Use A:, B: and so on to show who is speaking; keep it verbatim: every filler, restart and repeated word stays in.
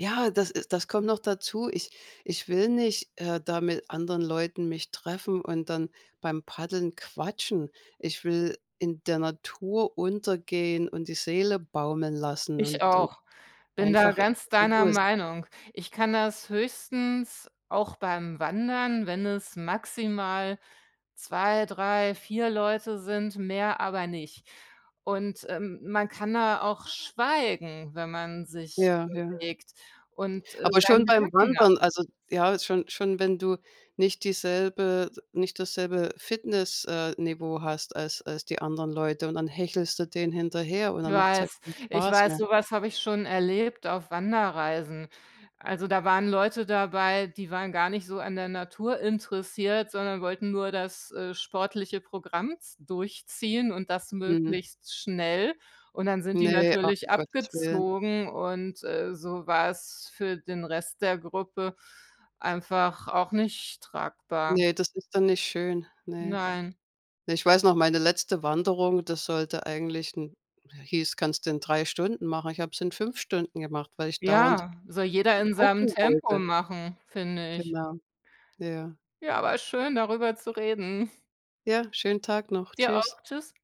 A: Ja, das ist das kommt noch dazu. Ich ich will nicht, äh, da mit anderen Leuten mich treffen und dann beim Paddeln quatschen. Ich will in der Natur untergehen und die Seele baumeln lassen
B: Ich
A: und und
B: auch, bin da
A: einfach
B: ganz
A: in
B: deiner
A: Ruhe s
B: Meinung. Ich kann das höchstens auch beim Wandern, wenn es maximal zwei, drei, vier Leute sind, mehr aber nicht und, äh, man kann da auch schweigen, wenn man sich
A: Ja, ja.
B: bewegt und, äh,
A: Aber
B: seine
A: schon beim
B: Gedanken nach
A: Wandern also ja, schon schon, wenn du nicht dieselbe nicht dasselbe Fitness äh, Niveau hast als als die anderen Leute, und dann hechelst du denen hinterher und
B: Ich
A: dann macht's ja
B: weiß,
A: keinen
B: ich
A: Spaß
B: weiß,
A: mehr.
B: so was habe ich schon erlebt auf Wanderreisen. Also, da waren Leute dabei, die waren gar nicht so an der Natur interessiert, sondern wollten nur das, äh, sportliche Programm z durchziehen und das
A: Mhm.
B: möglichst schnell, und dann sind die
A: Ne, ach, um
B: natürlich
A: Gottes Willen.
B: abgezogen und, äh, so war es für den Rest der Gruppe einfach auch nicht tragbar.
A: Ne, das ist dann nicht schön, ne.
B: Nein.
A: Ich weiß noch, meine letzte Wanderung, das sollte eigentlich in hieß, kannst du in drei Stunden machen, ich habe es in fünf Stunden gemacht, weil ich dauernd
B: Ja, soll jeder
A: g
B: in seinem
A: gucken
B: Tempo
A: wollte.
B: machen, finde ich.
A: Genau. Ja.
B: Ja, war schön, darüber zu reden.
A: Ja, schönen Tag noch.
B: Dir
A: Tschüss.
B: auch, tschüss.